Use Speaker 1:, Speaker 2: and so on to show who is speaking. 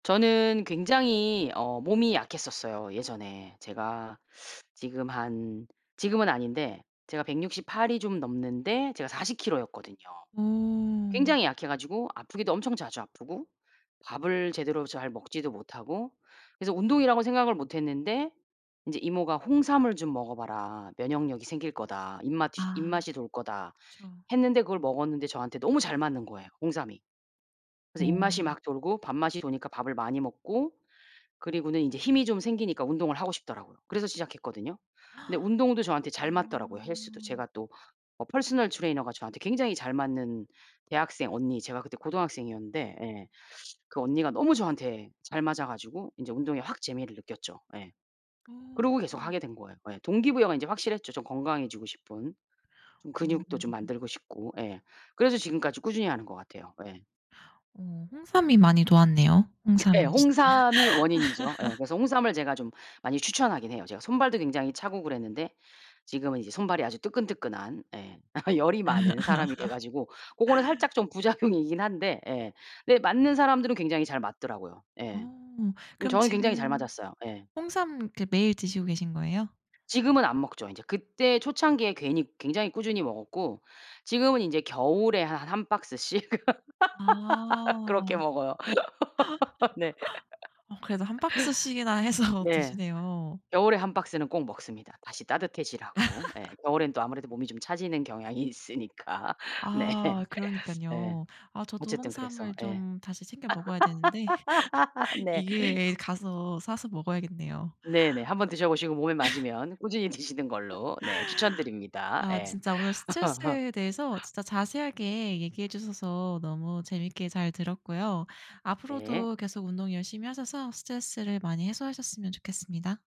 Speaker 1: 저는 굉장히 어 몸이 약했었어요 예전에. 제가 지금 한 지금은 아닌데 제가 168 이 좀 넘는데 제가 40kg 였거든요.
Speaker 2: 음.
Speaker 1: 굉장히 약해 가지고 아프기도 엄청 자주 아프고 밥을 제대로 잘 먹지도 못하고 그래서 운동이라곤 생각을 못 했는데 인제 이모가 "홍삼을 좀 먹어봐라. 면역력이 생길 거다. 입마튀
Speaker 2: 아.
Speaker 1: 입맛이 돌 거다."
Speaker 2: 그쵸.
Speaker 1: 했는데 그걸 먹었는데 저한테 너무 잘 맞는 거예요 홍삼이. 그래서 입맛이
Speaker 2: 어.
Speaker 1: 막 돌고 밥맛이 도니까 밥을 많이 먹고 그리고는 인제 힘이 좀 생기니까 운동을 하고 싶더라고요. 그래서 시작했거든요. 근데 운동도 저한테 잘 맞더라고요 헬스도.
Speaker 2: 음.
Speaker 1: 제가 또 어 퍼스널 트레이너가 저한테 굉장히 잘 맞는 대학생 언니 제가 그때 고등학생이었는데 예 그 언니가 너무 저한테 잘 맞아 가지고 인제 운동에 확 재미를 느꼈죠. 예. 그러고 계속
Speaker 2: 음.
Speaker 1: 하게 된 거예요. 예. 동기부여가 인제 확실했죠 좀 건강해지고 싶은. 좀
Speaker 2: 음.
Speaker 1: 근육도 좀 만들고 싶고 예 그래서 지금까지 꾸준히 하는 것 같아요. 예.
Speaker 2: 어. 홍삼이 많이 도왔네요,
Speaker 1: 네.
Speaker 2: 홍삼이 진짜.
Speaker 1: 홍삼이 원인이죠. 예. 그래서 홍삼을 제가 좀 많이 추천하긴 해요. 제가 손발도 굉장히 차고 그랬는데 지금은 이제 손발이 아주 뜨끈뜨끈한 예 열이 많은 사람이 돼 가지고 고거는 살짝 좀 부작용이긴 한데 예 근데 맞는 사람들은 굉장히 잘 맞더라고요. 예.
Speaker 2: 오.
Speaker 1: 음
Speaker 2: 그럼
Speaker 1: 저는 굉장히 잘
Speaker 2: 지금
Speaker 1: 맞았어요. 예.
Speaker 2: 홍삼 그 매일 드시고 계신 거예요?
Speaker 1: 지금은 안 먹죠 인제. 그때 초창기에 괜히 굉장히 꾸준히 먹었고 지금은 인제 겨울에 한 1 박스씩
Speaker 2: 아.
Speaker 1: 그렇게 먹어요. 네.
Speaker 2: 어 그래도 1 박스씩이나 해서
Speaker 1: 네.
Speaker 2: 드시네요.
Speaker 1: 겨울에 1 박스는 꼭 먹습니다, 다시 따뜻해지라고. 예 겨울에는 또 아무래도 몸이 좀 차지는 경향이 있으니까. 네.
Speaker 2: 아.
Speaker 1: 네.
Speaker 2: 그러니깐요. 아 저도
Speaker 1: 어쨌든 그래서.
Speaker 2: 홍삼을
Speaker 1: 예.
Speaker 2: 좀 다시 챙겨 먹어야 되는데
Speaker 1: 네.
Speaker 2: 이 기회에 가서 사서 먹어야겠네요.
Speaker 1: 네네. 한번 드셔 보시고 몸에 맞으면 꾸준히 드시는 걸로 네 추천드립니다.
Speaker 2: 아
Speaker 1: 예.
Speaker 2: 진짜 오늘 스트레스에 대해서 진짜 자세하게 얘기해 주셔서 너무 재밌게 잘 들었고요.
Speaker 1: 네.
Speaker 2: 앞으로도 계속 운동 열심히 하셔서 스트레스를 많이 해소하셨으면 좋겠습니다.